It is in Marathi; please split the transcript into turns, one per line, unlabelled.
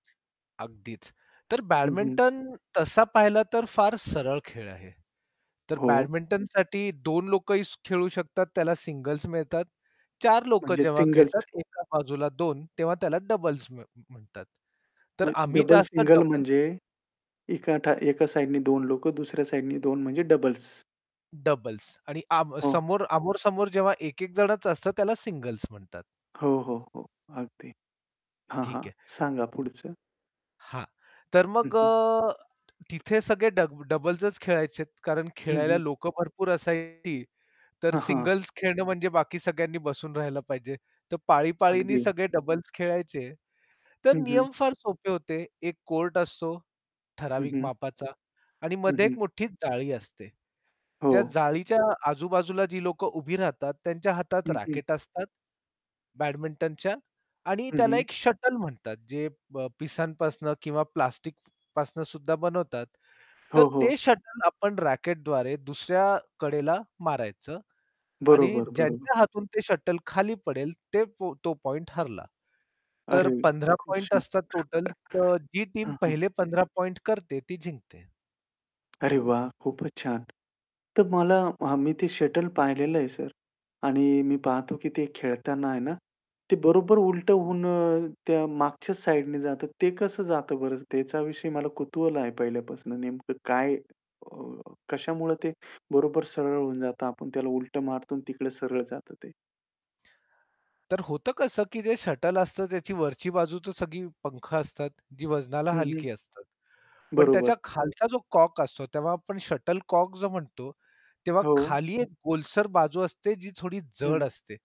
अगदीच, तर
हं, हं.
बॅडमिंटन तसा पाहिला तर फार सरळ खेळ आहे, तर
हो.
बॅडमिंटनसाठी 2 लोकंही खेळू शकतात, त्याला सिंगल्स मिळतात. 4 लोकं
म्हणजे
जेव्हा खेळतात,
सिंगल्स.
एका बाजूला 2 तेव्हा त्याला डबल्स म्ह म्हणतात. तर
म्हणजे
आम्ही
डबल,
जास्त
सिंगल
डबल्स
म्हणजे, एका एका साइडनी 2 लोकं, दुसऱ्या साइडनी 2 लोकं, म्हणजे डबल्स.
डबल्स आणि आमो
हो.
समोर आमोर-समोर जेव्हा एक-एक जणाचं असतं, त्याला सिंगल्स म्हणतात.
हो, हो, हो. अगदी. हां, हां.
ठीक आहे.
सांगा पुढचं.
हां. तर
हं,
मग
हं.
अ, तिथे सगळे डब डबल्सच खेळायचे, कारण
हं,
खेळायला
हं.
लोकं भरपूर असायची. तर
हां, हां.
सिंगल्स खेळणं म्हणजे बाकी सगळ्यांनी बसून राहायला पाहिजे. तर पाळी-पाळीनी
अगदी.
सगळे डबल्स खेळायचे, तर
हं, हं.
नियम फार सोपे होते. एक कोर्ट असतो,
हं,
ठराविक
हं.
मापाचा आणि
हं,
मध्ये
हं.
एक मोठी जाळी असते. त्या
हो.
जाळीच्या आजूबाजूला जी लोकं उभी राहतात, त्यांच्या हातात
हं, हं.
रॅकेट असतात. बॅडमिंटनच्या आणि
हं,
त्याला
हं.
एक शटल म्हणतात. जे प पिसांपासून किंवा प्लास्टिकपासून सुद्धा बनवतात. तर
हो, हो.
ते शटल आपण रॅकेटद्वारे दुसऱ्या कडेला मारायचं आणि
बरोबर, बरोबर.
ज्यांच्या हातून ते शटल खाली पडेल, ते तो पॉइंट हरला. तर
अरे,
15
खूप
पॉइंट
छान.
असतात टोटल, तर जी टीम
हं, हं.
पहिले पंधरा 15 पॉइंट करते, ती जिंकते.
अरे वाह! खूपच छान! तर मला आम्ही मी ते शटल पाहिलेलं आहे सर आणि मी पाहतो की ते खेळताना आहे ना, ते बरोबर उलटं होऊन अ, त्या मागच्या साइडने जातं, ते कसं जातं बरं, त्याचा विषयी मला कुतूहल आहे पहिल्यापासून नेमकं काय अ, कशामुळं ते बरोबर सरळ होऊन जातं, आपण त्याला उलटं मारतो अन् तिकडं सरळ जातं ते.
तर होतं कसं, की जे शटल असतं त्याची वरची बाजू तर सगळी पंख असतात, जी वजनाला
हं, हं.
हलकी असतात. पण
बरोबर.
त्याच्या खालचा जो कॉक असतो, तेव्हा आपण शटलकॉक जो म्हणतो, तेव्हा
हो.
खाली एक गोलसर बाजू असते जी थोडी जड
हं.
असते.